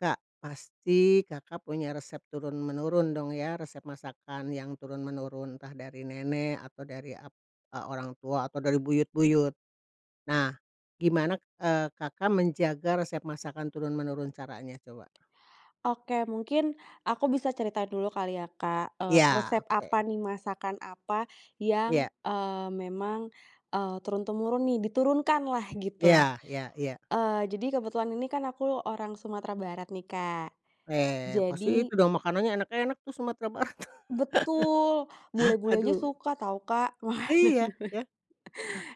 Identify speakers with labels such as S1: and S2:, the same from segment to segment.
S1: Kak, pasti Kakak punya resep turun menurun dong ya, resep masakan yang turun menurun, entah dari nenek atau dari ap e orang tua atau dari buyut-buyut. Nah, gimana, eee, Kakak menjaga resep masakan turun menurun, caranya coba?
S2: Oke mungkin, aku bisa cerita dulu kali ya Kak, eee,
S1: Iya,
S2: resep apa
S1: oke.
S2: nih, masakan apa yang,
S1: Iya.
S2: eee, memang, eee, turun temurun nih, diturunkan lah, gitu.
S1: Iya iya iya.
S2: Eee, jadi kebetulan, ini kan aku orang Sumatera Barat nih, Kak,
S1: Eh, pasti
S2: jadi
S1: itu dong, makanannya enak-enak tuh Sumatera Barat.
S2: Betul, bule-bule aja
S1: Aduh.
S2: suka tau, Kak. Wah.
S1: Iya, ya.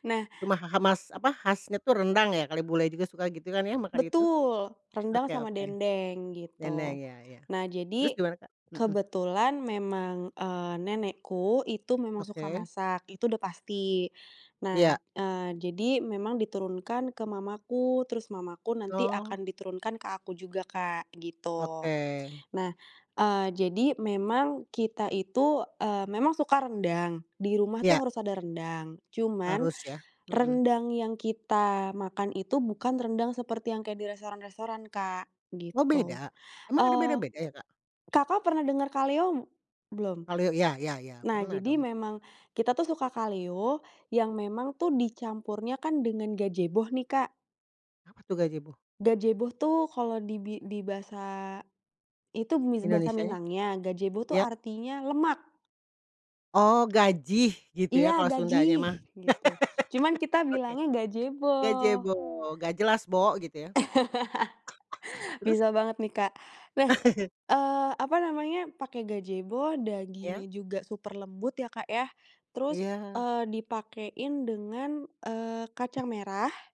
S2: Nah
S1: Cuma ha ha mas apa khasnya tuh rendang ya kali, bule juga suka gitu kan ya, makan itu.
S2: Betul. Rendang
S1: Oke
S2: sama
S1: oke.
S2: Dendeng,
S1: Dendeng,
S2: gitu.
S1: iya iya.
S2: Nah,
S1: Terus
S2: jadi,
S1: gimana, Kak? Mhm.
S2: kebetulan memang, eee, nenekku itu memang suka
S1: Oke.
S2: masak, itu udah pasti. Nah,
S1: Ya.
S2: eee, jadi memang diturunkan ke mamaku, terus mamaku nanti
S1: Oh.
S2: akan diturunkan ke aku juga Kak, gitu.
S1: Oke.
S2: Nah, eee, jadi memang, kita itu, eee, memang suka rendang, di rumah
S1: Ya.
S2: tuh harus ada rendang. Cuman,
S1: Harus ya. Mhm.
S2: rendang yang kita makan itu bukan rendang seperti yang kayak di restoran-restoran, Kak,
S1: Oh,
S2: gitu.
S1: beda? Emang ada
S2: Eee,
S1: beda-beda ya, Kak?
S2: Kakak pernah denger kalio belum?
S1: Kalio, ya ya ya,
S2: Nah,
S1: pernah
S2: jadi
S1: dong.
S2: memang kita tuh suka kalio, yang memang tuh dicampurnya kan dengan Gajebo nih, Kak.
S1: Apa tuh Gajebo?
S2: Gajebo tuh kalau di bi di bahasa, itu mis bahasa
S1: Indonesianya?
S2: Minangnya, Gajebo tuh
S1: Iya.
S2: artinya lemak.
S1: Oh, gajih gitu ya,
S2: Iya,
S1: kalau sundanya
S2: Gajih,
S1: mah.
S2: gitu. Cuman kita
S1: Oke.
S2: bilangnya Gajebo.
S1: Gajebo, nggak jelas bo, gitu ya. Terus?
S2: Bisa banget nih, Kak. Nah, eee, apa namanya, pake Gajebo
S1: Ya.
S2: dagingnya juga super lembut ya Kak, ya. Terus,
S1: Iya.
S2: eee, dipakein dengan, eee, kacang merah